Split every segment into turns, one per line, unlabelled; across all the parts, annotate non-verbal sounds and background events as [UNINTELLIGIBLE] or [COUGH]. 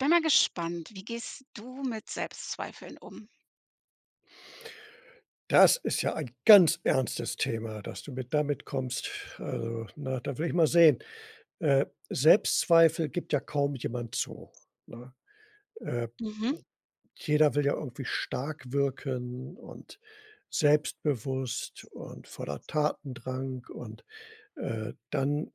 Ich bin mal gespannt, wie gehst du mit Selbstzweifeln um?
Das ist ja ein ganz ernstes Thema, dass du mir damit kommst. Also, ne? Da will ich mal sehen. Äh, Selbstzweifel gibt ja kaum jemand zu, ne? Äh,
Mhm.
jeder will ja irgendwie stark wirken und selbstbewusst und voller Tatendrang. Und, äh, dann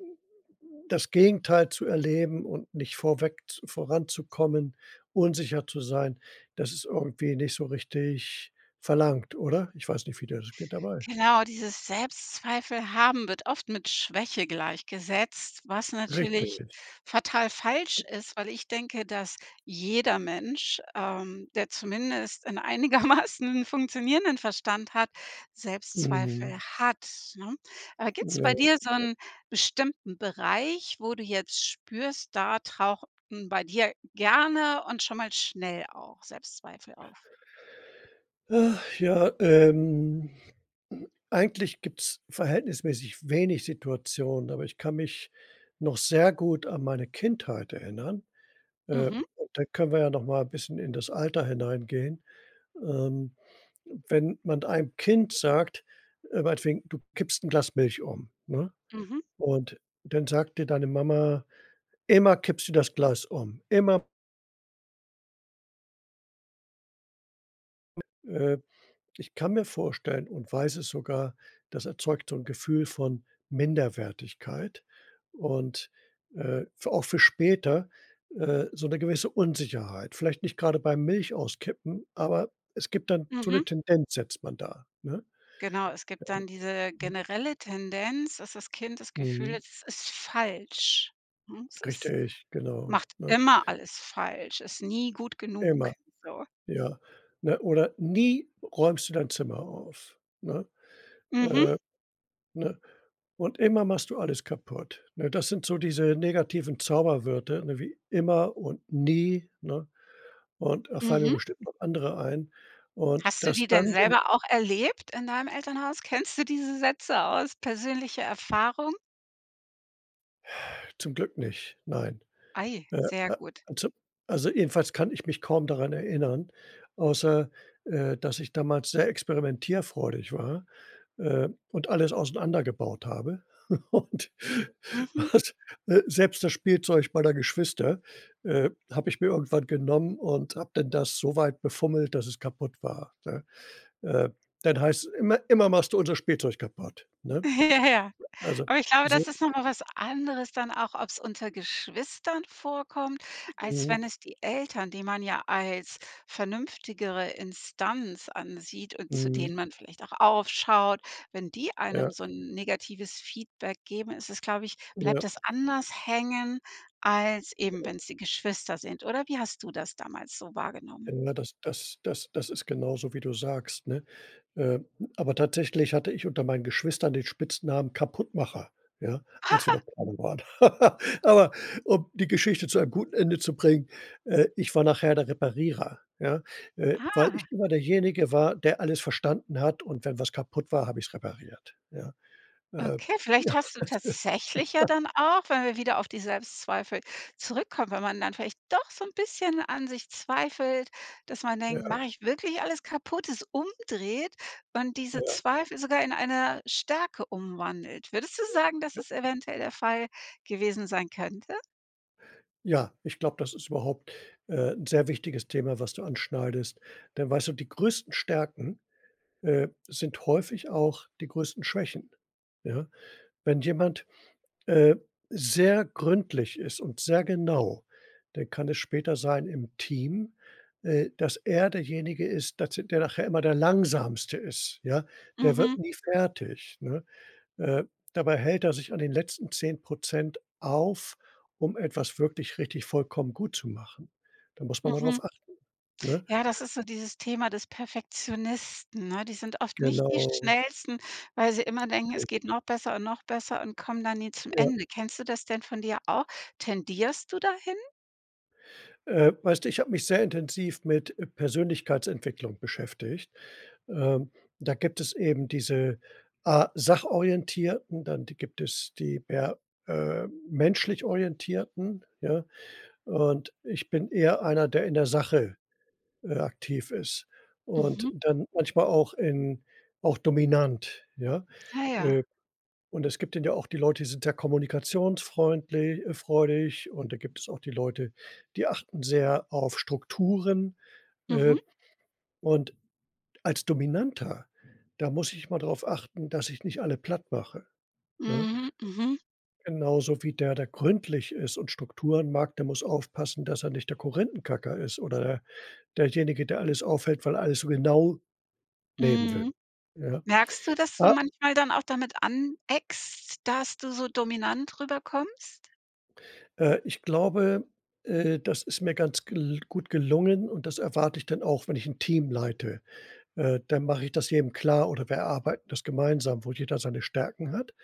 das Gegenteil zu erleben und nicht vorweg z voranzukommen, unsicher zu sein, dass es irgendwie nicht so richtig verlangt, oder? Ich weiß nicht, wie dir das geht dabei.
Genau, dieses Selbstzweifel haben wird oft mit Schwäche gleichgesetzt, was natürlich
Richtig.
fatal falsch ist, weil ich denke, dass jeder Mensch, ähm, der zumindest 'nen einigermaßen funktionierenden Verstand hat, Selbstzweifel
Mhm.
hat, ne? Aber gibt's
Ja.
bei dir so
[UNINTELLIGIBLE]
'n bestimmten Bereich, wo du jetzt spürst: Da tauchen bei dir gerne und schon mal schnell auch Selbstzweifel auf?
Ach ja, ähm. Eigentlich gibt's verhältnismäßig wenig Situationen, aber ich kann mich noch sehr gut an meine Kindheit erinnern. Äh,
Mhm.
da können wir ja noch mal 'n bisschen in das Alter hineingehen. Ähm, wenn man einem Kind sagt äh, meinetwegen, du kippst 'n Glas Milch um, ne?
Mhm.
Und dann sagt dir deine Mama: „Immer kippst du das Glas um, immer“ Äh, ich kann mir vorstellen und weiß es sogar, das erzeugt so 'n Gefühl von Minderwertigkeit, und, äh, f auch für später, äh, so 'ne gewisse Unsicherheit. Vielleicht nicht grade beim Milchauskippen, aber es gibt dann so 'ne
Mhm.
Tendenz setzt man da, ne?
Genau, es gibt dann diese generelle Tendenz, dass das Kind das Gefühl
Mhm.
ist, es ist falsch, ne? Es ist
Richtig, genau,
macht
ne?
immer alles falsch, ist nie gut genug,
Immer,
so.
ja, ne? Oder: „Nie räumst du dein Zimmer auf.“ Ne?
Mhm.
Äh, ne? Und: „Immer machst du alles kaputt.“ Ne? Das sind so diese negativen Zauberwörter, ne, wie immer und nie, ne? Und da fallen mir
Mhm.
bestimmt noch andere ein. Und
Hast du
das
die denn
dann jem
selber auch erlebt in deinem Elternhaus? Kennst du diese Sätze aus persönlicher Erfahrung?
Zum Glück nicht, nein.
Ei,
Äh,
sehr gut.
also also, jedenfalls kann ich mich kaum daran erinnern, außer, äh, dass ich damals sehr experimentierfreudig war, äh, und alles auseinander gebaut habe. [CHUCKLES] Und
Mhm.
was, äh, selbst das Spielzeug meiner Geschwister, äh, habe ich mir irgendwann genommen und habe dann das so weit befummelt, dass es kaputt war, ne? Äh, dann heißt es: „Immer immer machst du unser Spielzeug kaputt.“ Ne?
Ja, ja.
Also
Aber ich glaube, das
so
ist noch mal was anderes dann auch, ob's unter Geschwistern vorkommt, als
Mhm.
wenn es die Eltern, die man ja als vernünftigere Instanz ansieht und zu
Mhm.
denen man vielleicht auch aufschaut, wenn die
Ja.
einem so 'n negatives Feedback geben, ist es, glaube ich
Ja.
bleibt das anders hängen, als eben wenn's die Geschwister sind, oder wie hast du das damals so wahrgenommen?
Ja, das das das das ist genauso, wie du sagst, ne? Äh, aber tatsächlich hatte ich unter meinen Geschwistern den Spitznamen Kaputtmacher, ja, als wir
[LAUGHS]
noch kleiner waren. [LAUGHS] Aber, um die Geschichte zu einem guten Ende zu bringen, äh, ich war nachher der Reparierer, ja? Äh,
Ah.
weil ich
[CHUCKLES]
immer derjenige war, der alles verstanden hat und wenn was kaputt war, habe ich's repariert, ja. Äh.
Okay, vielleicht hast du tatsächlich ja
[LAUGHS]
dann auch, wenn wir wieder auf die Selbstzweifel zurückkommen, wenn man dann vielleicht doch so 'n bisschen an sich zweifelt, dass man denkt:
Ja.
„Mache ich wirklich alles kaputt?“, es umdreht und diese
Ja.
Zweifel sogar in eine Stärke umwandelt. Würdest du
Ja
sagen, dass
ja.
es eventuell der Fall gewesen sein könnte?
Ja, ich glaube, das ist überhaupt, äh, 'n sehr wichtiges Thema, was du anschneidest. Denn weißt du, die größten Stärken, äh, sind häufig auch die größten Schwächen, ja? Wenn jemand, äh, sehr gründlich ist und sehr genau, dann kann es später sein im Team, äh, dass er derjenige ist, das der nachher immer der Langsamste ist, ja? Der wird
Mhm.
nie fertig, ne? Äh, dabei hält er sich an den letzten 10 % auf, um etwas wirklich richtig vollkommen gut zu machen. Da muss man mal
Mhm.
drauf achten, ne?
Ja, das ist so dieses Thema des Perfektionisten, ne? Die sind oft nicht die
Genau.
Schnellsten, weil sie immer denken, es geht noch besser und noch besser und kommen dann nie zum
Ja.
Ende. Kennst du das denn von dir auch? Tendierst du dahin?
Äh, weißt du, ich habe mich sehr intensiv mit, äh, Persönlichkeitsentwicklung beschäftigt. Ähm, da gibt es eben diese A Sachorientierten, dann di gibt es die per äh, menschlich Orientierten, ja? Und ich bin eher einer, der in der Sache, äh, aktiv ist und
Mhm.
dann manchmal auch in auch dominant, ja?
Ah, ja.
Äh, und es gibt dann ja auch die Leute, die sind sehr kommunikationsfreundli äh, freudig, und da gibt es auch die Leute, die achten sehr auf Strukturen. Äh,
Mhm.
und als Dominanter, da muss ich mal darauf achten, dass ich nicht alle plattmache, ne?
Mhm, mhm.
Genauso wie der, der gründlich ist und Strukturen mag, der muss aufpassen, dass er nicht der Korinthenkacker ist oder derjenige, der alles aufhält, weil er alles so genau nehmen will,
Mhm,
ja?
merkst du, dass du
Ah
manchmal dann auch damit aneckst, dass du so dominant rüberkommst?
Äh, ich glaube, äh, das ist mir ganz gl gut gelungen und das erwarte ich dann auch, wenn ich 'n Team leite. Äh, dann mache ich das jedem klar oder wir erarbeiten das gemeinsam, wo jeder seine Stärken hat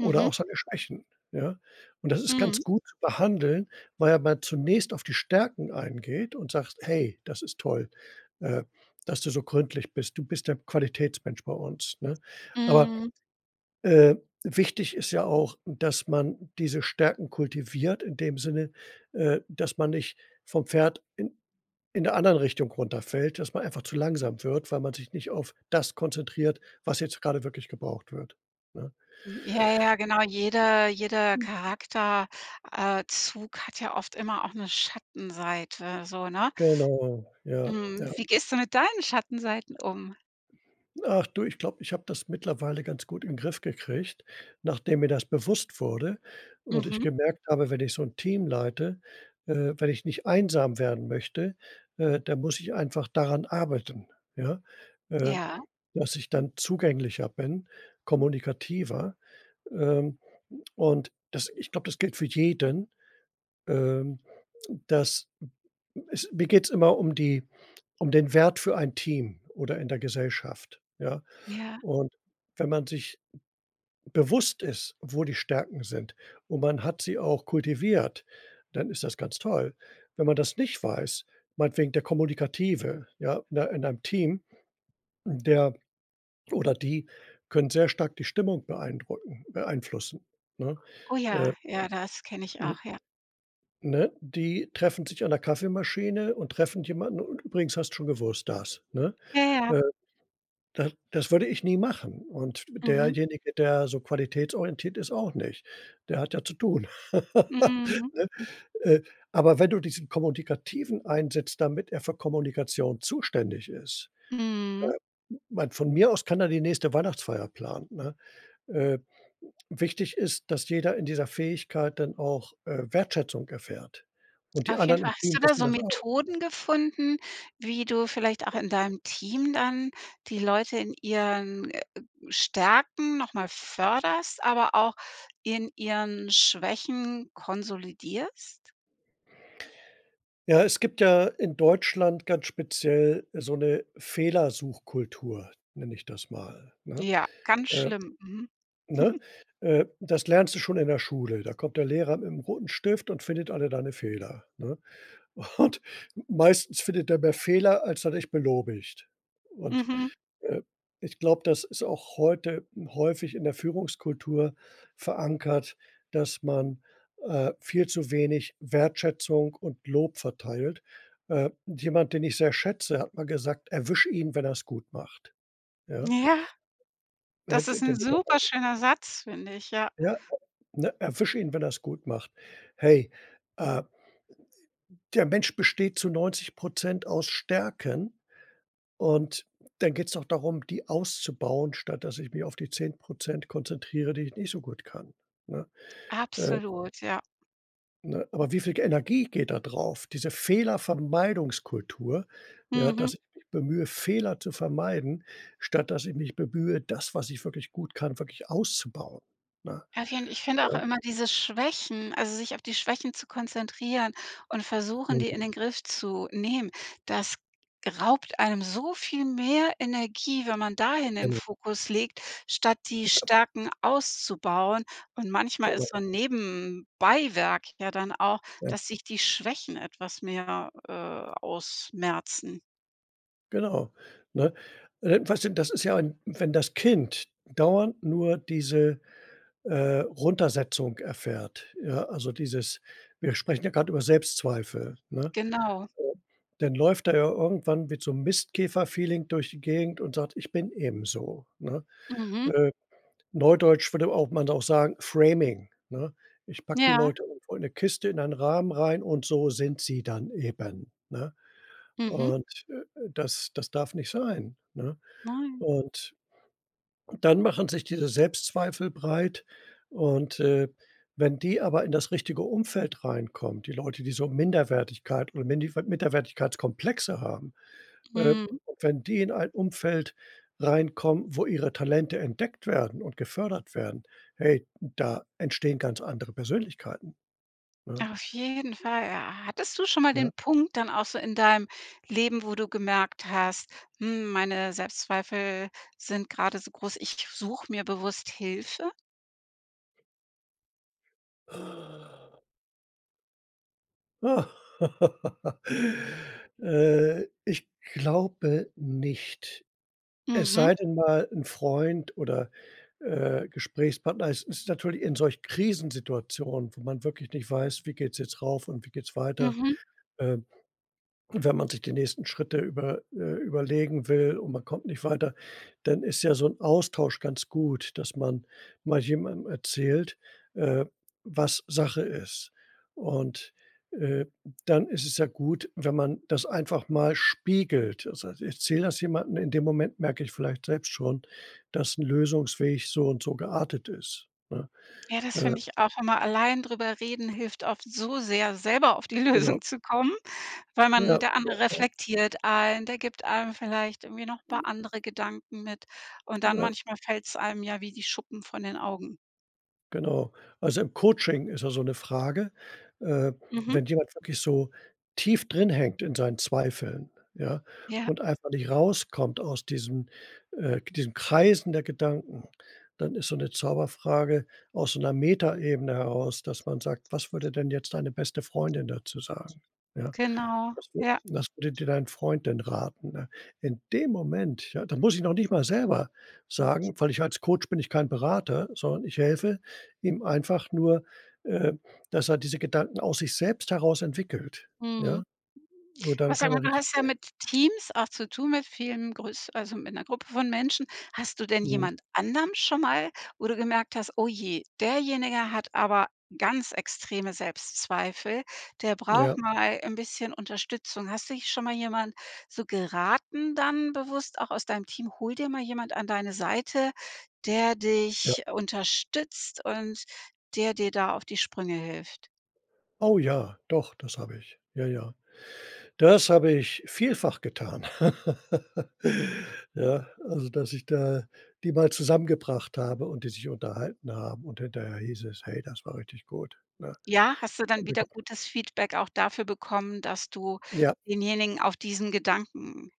oder auch seine Schwächen, ja? Und das ist
Mhm.
ganz gut [UNINTELLIGIBLE] behandeln, weil ja man zunächst auf die Stärken eingeht und sagst: „Hey, das ist toll, äh, dass du so gründlich bist. Du bist der Qualitätsmensch bei uns, ne?“ Aber,
Mhm.
äh, wichtig ist ja auch, dass man diese Stärken kultiviert in dem Sinne, äh, dass man nicht vom Pferd in in der anderen Richtung runterfällt, dass man einfach zu langsam wird, weil man sich nicht auf das konzentriert, was jetzt grade wirklich gebraucht wird, ne?
Hm. Ja, ja, genau. Jeder jeder Charakter äh, Zug hat ja oft immer auch 'ne Schattenseite so, ne?
Genau, ja,
Mhm.
ja.
Wie gehst du mit deinen Schattenseiten um?
Ach du, ich glaube, ich habe das mittlerweile ganz gut in Griff gekriegt, nachdem mir das bewusst wurde und ich
Mhm.
gemerkt habe, wenn ich so 'n Team leite äh, wenn ich nicht einsam werden möchte, äh, dann muss ich einfach daran arbeiten, ja? Äh,
Ja.
dass ich dann zugänglicher bin, kommunikativer. Ähm, und das ich glaube, das gilt für jeden, ähm, dass es mir geht's immer um die um den Wert für ein Team oder in der Gesellschaft, ja?
Ja.
Und wenn man sich bewusst ist, wo die Stärken sind und man hat sie auch kultiviert, dann ist das ganz toll. Wenn man das nicht weiß meinetwegen der Kommunikative, ja, in ein in einem Team, der, oder die können sehr stark die Stimmung beeindrucken beeinflussen, ne?
Oh
Äh,
ja, ja, das kenne ich
hm
auch, ja.
ne? Die treffen sich an der Kaffeemaschine und treffen jemanden: „Und übrigens hast du schon gewusst, dass“, ne?
Ja, ja.
Äh, das das würde ich nie machen. Und
Mhm.
derjenige, der so qualitätsorientiert ist, auch nicht, der hat ja zu tun. [LAUGHS]
Mhm.
Ne? Äh, aber wenn du diesen Kommunikativen einsetzt, damit er für Kommunikation zuständig ist
Mhm.
äh, meine, von mir aus kann er die nächste Weihnachtsfeier planen, ne? Äh, wichtig ist, dass jeder in dieser Fähigkeit dann auch, äh, Wertschätzung erfährt. Und die
Auf jeden
anderen im
Fall. Hast
Team
du da
wissen
so
das auch.
Methoden gefunden, wie du vielleicht auch in deinem Team dann die Leute in ihren, äh, Stärken noch mal förderst, aber auch in ihren Schwächen konsolidierst?
Ja, es gibt ja in Deutschland ganz speziell so 'ne Fehlersuchkultur, nenne ich das mal, ne?
Ja, ganz
Äh,
schlimm. Mhm.
ne?
[SNORTS]
Äh, das lernst du schon in der Schule. Da kommt der Lehrer mit 'nem roten Stift und findet alle deine Fehler, ne? Und meistens findet er mehr Fehler, als er dich belobigt. Und,
Mhm.
äh, ich glaube, das ist auch heute häufig in der Führungskultur verankert, dass man, äh, viel zu wenig Wertschätzung und Lob verteilt. Äh, jemand, den ich sehr schätze, hat mal gesagt: „Erwisch ihn, wenn er's gut macht“, ja?
Ja,
Er
das
hätte
ist 'n
dem
super
Mitarbeiter
schöner Satz, finde ich, ja.
Ja, [UNINTELLIGIBLE] ne, erwisch ihn, wenn er's gut macht. Hey, äh der Mensch besteht zu 90 % aus Stärken und dann geht's auch darum, die auszubauen, statt dass ich mich auf die 10 % konzentriere, die ich nicht so gut kann, ne? Äh
Absolut, ja.
Ne, aber wie viel ge Energie geht da drauf? Diese Fehlervermeidungskultur, ja,
Mhm.
dass ich mich bemühe, Fehler zu vermeiden, statt dass ich mich bemühe, das, was ich wirklich gut kann, wirklich auszubauen, ne?
Auf jeden ich finde auch
Äh
immer diese Schwächen, also, sich auf die Schwächen zu konzentrieren und versuchen, die in
[UNINTELLIGIBLE]
den Griff zu nehmen, das raubt einem so viel mehr Energie, wenn man dahin den
Genau.
Fokus legt, statt die
[UNINTELLIGIBLE]
Stärken auszubauen und manchmal ist
Genau.
so 'n Nebenbeiwerk ja dann auch,
Ja.
dass sich die Schwächen etwas mehr, äh, ausmerzen.
Genau, ne? Äh, weißt du, das ist ja ein wenn das Kind dauernd nur diese, äh, Runtersetzung erfährt, ja, also dieses wir sprechen ja grad über Selbstzweifel, ne?
Genau.
[UNINTELLIGIBLE] Dann läuft er ja irgendwann mit so 'n Mistkäfer Feeling durch die Gegend und sagt: „Ich bin eben so, ne?“
Mhm.
Äh, Neudeutsch würde auch man auch sagen, Framing, ne? Ich packe die
Ja.
Leute irgendwo in 'ne Kiste in einen Rahmen rein und so sind sie dann eben, ne?
Mhm.
Und, äh, das das darf nicht sein, ne?
Nein.
Und dann machen sich diese Selbstzweifel breit. Und, äh, wenn die aber in das richtige Umfeld reinkommt, die Leute, die so Minderwertigkeit und Minifa Minderwertigkeitskomplexe haben äh,
Mhm.
wenn die in ein Umfeld reinkommen, wo ihre Talente entdeckt werden und gefördert werden, hey, da entstehen ganz andere Persönlichkeiten, ne?
Auf jeden Fall, ja. Hattest du schon mal den
Ja.
Punkt dann auch so in deinem Leben, wo du gemerkt hast: „Hm, meine Selbstzweifel sind grade so groß, ich suche mir bewusst Hilfe?“
[LAUGHS] Äh, ich glaube nicht. Es
Mhm.
sei denn mal 'n Freund oder, äh, Gesprächspartner. Es ist natürlich in solchen Krisensituationen, wo man wirklich nicht weiß, wie geht's jetzt rauf und wie geht's weiter?
Mhm.
Ähm, und wenn man sich die nächsten Schritte über äh, überlegen will und man kommt nicht weiter, dann ist ja so 'n Austausch ganz gut, dass man mal jemandem erzählt, äh, was Sache ist. Und, äh, dann ist es ja gut, wenn man das einfach mal spiegelt. Also, das heißt, ich erzähl das jemanden. In dem Moment merke ich vielleicht selbst schon, dass 'n Lösungsweg so und so geartet ist, ne?
Ja, das
Äh
finde ich auch immer, allein drüber reden hilft oft so sehr, selber auf die
Genau.
Lösung zu kommen, weil
Ja,
man der andere
ja, ja.
reflektiert einen, der gibt einem vielleicht irgendwie noch 'n paar andere Gedanken mit und dann,
Ja.
manchmal fällt's einem ja wie die Schuppen von den Augen.
Genau. Also im Coaching ist ja so 'ne Frage. Äh,
Mhm.
wenn jemand wirklich so tief drinhängt in seinen Zweifeln, ja,
Ja.
und einfach nicht rauskommt aus diesem äh, diesem Kreisen der Gedanken, dann ist so 'ne Zauberfrage aus so 'ner Metaebene heraus, dass man sagt: „Was würde denn jetzt deine beste Freundin dazu sagen?“, ja?
Genau.
„Was wür
Ja.
was würde dir dein Freund denn raten?“, ne? In dem Moment, ja da muss ich noch nicht mal selber sagen, weil ich als Coach bin ich kein Berater, sondern ich helfe ihm einfach nur, ähm, dass er diese Gedanken aus sich selbst heraus entwickelt, ja?
Mhm.
Nur dann
[UNINTELLIGIBLE] Sag
kann
mal,
er
du
richtig
hast ja
[UNINTELLIGIBLE]
mit Teams auch zu tun, mit vielen größ also, mit 'ner Gruppe von Menschen. Hast du denn
Mhm.
jemand anderem schon mal, wo du gemerkt hast: „Oh je, derjenige hat aber ganz extreme Selbstzweifel, der braucht
Ja.
mal 'n bisschen Unterstützung.“ Hast dich schon mal jemand so geraten dann bewusst auch aus deinem Team: „Hol dir mal jemand an deine Seite, der
Ja.
dich unterstützt und der dir da auf die Sprünge hilft."?
Oh, ja, doch, das habe ich. Ja, ja. Das habe ich vielfach getan, [LAUGHS] ja. Also, dass ich da die mal zusammengebracht habe und die sich unterhalten haben. Und hinterher hieß es: „Hey, das war richtig gut“, ne?
Ja, hast du dann wieder
[UNINTELLIGIBLE]
gutes Feedback auch dafür bekommen, dass du
Ja.
denjenigen auf diesen Gedanken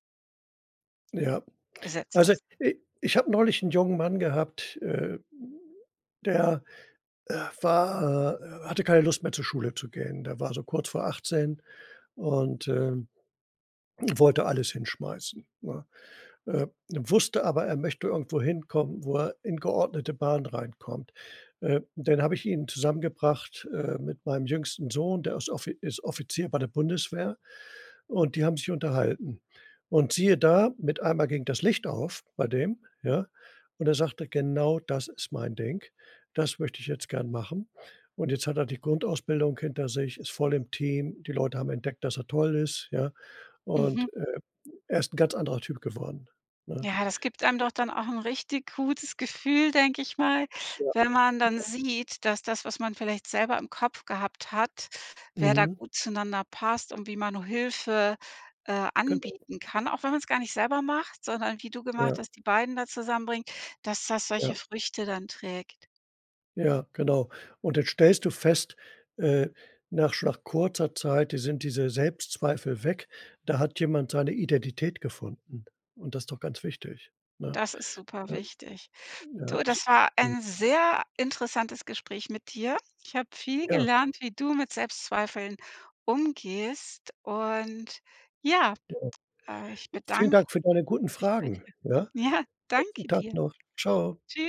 Ja.
gesetzt
Also,
hast?
i ich habe neulich 'n jungen Mann gehabt, äh, der, äh, war, äh hatte keine Lust mehr, zur Schule zu gehen. Der war so kurz vor 18 und, ähm, wollte alles hinschmeißen, ne? Äh, wusste aber, er möchte irgendwo hinkommen, wo er in geordnete Bahnen reinkommt. Äh, dann habe ich ihn zusammengebracht, äh, mit meinem jüngsten Sohn, der ist Offi ist Offizier bei der Bundeswehr und die haben sich unterhalten. Und siehe da, mit einmal ging das Licht auf bei dem, ja? Und er sagte, genau das ist mein Ding. Das möchte ich jetzt gern machen. Und jetzt hat er die Grundausbildung hinter sich, ist voll im Team. Die Leute haben entdeckt, dass er toll ist, ja? Und,
Mhm.
äh, er ist 'n ganz anderer Typ geworden, ne?
Ja, das gibt einem doch dann auch 'n richtig gutes Gefühl, denke ich mal,
Ja.
wenn man dann sieht, dass das, was man vielleicht selber im Kopf gehabt hat, wer da
Mhm.
gut zueinander passt und wie man Hilfe, äh,
Genau.
anbieten kann, auch wenn man's gar nicht selber macht, sondern wie du gemacht
Ja.
hast, die beiden da zusammenbringen, dass das solche
Ja.
Früchte dann trägt.
Ja, genau. Und jetzt stellst du fest, äh, nach schon nach kurzer Zeit, di sind diese Selbstzweifel weg. Da hat jemand seine Identität gefunden und das ist doch ganz wichtig, ne,
Das ist super
ne?
wichtig.
Ja,
Du,
also.
das war
[UNINTELLIGIBLE]
ein sehr interessantes Gespräch mit dir. Ich habe viel
Ja.
gelernt, wie du mit Selbstzweifeln umgehst und ja,
Genau.
äh, ich
Vielen
bedanke
Dank für deine guten
mich bei dir.
Fragen, ja.
Ja,
Besten
danke
Tag
dir.
noch. Tschau.
Tschüss.